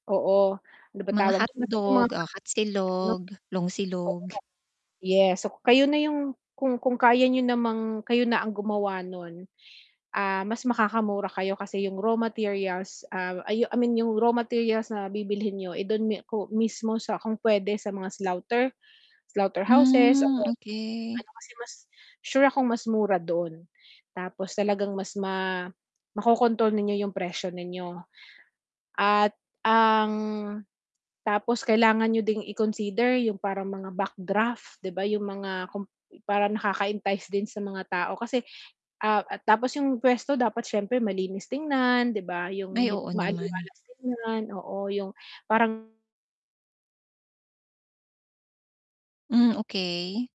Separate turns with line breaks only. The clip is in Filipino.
Oo, ano ba
Mga
tawag do'n, basta yung
hotdog,
mga
ah, hot
[unintelligible]
silog, longsilog.
Yes, so, kayo na yung kung kung kaya niyo namang kayo na ang gumawa no'n, ah, mas makakamura kayo kasi yung raw materials, ah, I I mean yung raw materials na bibilhin niyo, eh, do'n mi ko mismo sa kung puwede sa mga slaughter, slaughter houses o
Hmm,
kaya do'n sa mga
okey.
ano kasi mas sure akong mas mura don, tapos talagang mas ma ma-ko-control ninyo yung presyo ninyo. At ang tapos kailangan niyo ding i-consider yung parang mga backdraft, 'di ba yung mga kum parang nakaka-entice din sa mga tao kasi ah, at tapos yung puwesto dapat siyempre malinis tingnan 'di ba, yung
Ay,
hit
oo naman.
maaliwalas tignan, oo yung parang
Hmm, okey.